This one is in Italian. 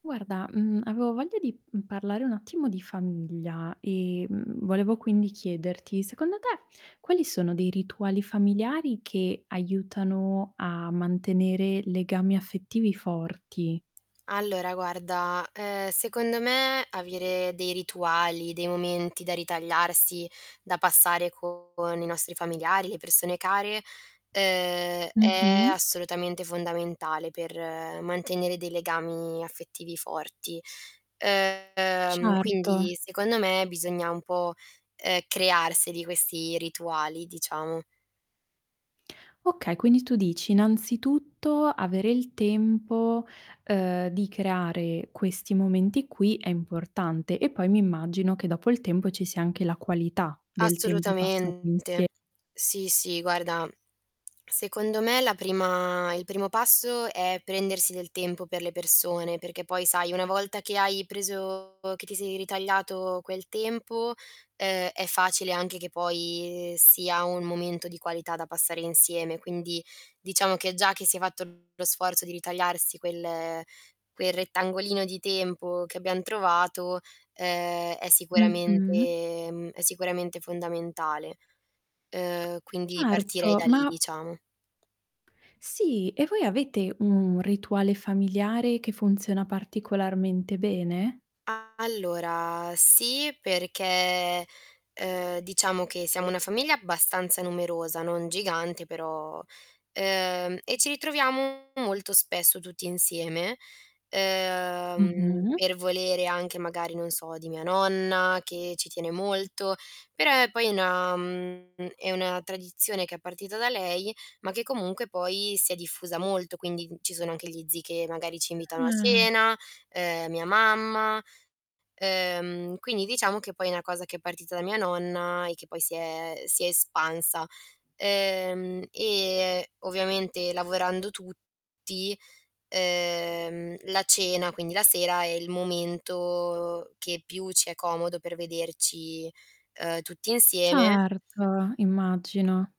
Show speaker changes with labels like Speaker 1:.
Speaker 1: Guarda, mhmm, avevo voglia di, mhmm, parlare un attimo di famiglia e, mhmm, volevo quindi chiederti, secondo te quali sono dei rituali familiari che aiutano a mantenere legami affettivi forti?
Speaker 2: Allora guarda, uhm, secondo me, avere dei rituali, dei momenti da ritagliarsi, da passare con i nostri familiari, le persone care, uhm, è
Speaker 1: Mh-mh.
Speaker 2: assolutamente fondamentale per mantenere dei legami affettivi forti. Uhm,
Speaker 1: Certo.
Speaker 2: quindi, secondo me, bisogna un po', uhm, crearseli questi rituali, diciamo.
Speaker 1: Okay, quindi tu dici, innanzitutto avere il tempo, uhm, di creare questi momenti qui è importante, e poi mi immagino che dopo il tempo ci sia anche la qualità del tempo passato
Speaker 2: Assolutamente.
Speaker 1: insie
Speaker 2: Sì, sì, guarda, secondo me la prima il primo passo è prendersi del tempo per le persone, perché poi sai una volta che hai preso che ti sei ritagliato quel tempo, ehm, è facile anche che poi sia un momento di qualità da passare insieme. Quindi, diciamo che già che si è fatto lo sforzo di ritagliarsi quel quel rettangolino di tempo che abbiam trovato, uhm, è
Speaker 1: Mh-mh.
Speaker 2: sicuramente mhmm, è sicuramente fondamentale. Uhm, quindi partirei
Speaker 1: Certo,
Speaker 2: da lì,
Speaker 1: ma
Speaker 2: diciamo.
Speaker 1: Sì, e voi l'avete un rituale familiare che funziona particolarmente bene?
Speaker 2: Allora sì, perché, ehm, diciamo che siamo una famiglia abbastanza numerosa, non gigante però uhm, e ci ritroviamo molto spesso tutti insieme, ehm,
Speaker 1: Mh-mh.
Speaker 2: per volere anche magari, non so, di mia nonna che ci tiene molto, però poi è una mhmm, è una tradizione che è partita da lei, ma che comunque poi si è diffusa molto, quindi, ci sono anche gli zii che, magari, ci invitano a
Speaker 1: Ah.
Speaker 2: cena, ehm, mia mamma. Uhm, quindi diciamo che poi è una cosa che è partita da mia nonna, e che poi si è si è espansa. Ehm, e ovviamente lavorando tutti, ehm, la cena, quindi la sera, è il momento che più ci è comodo per vederci, uhm, tutti insieme
Speaker 1: Certo. Immagino.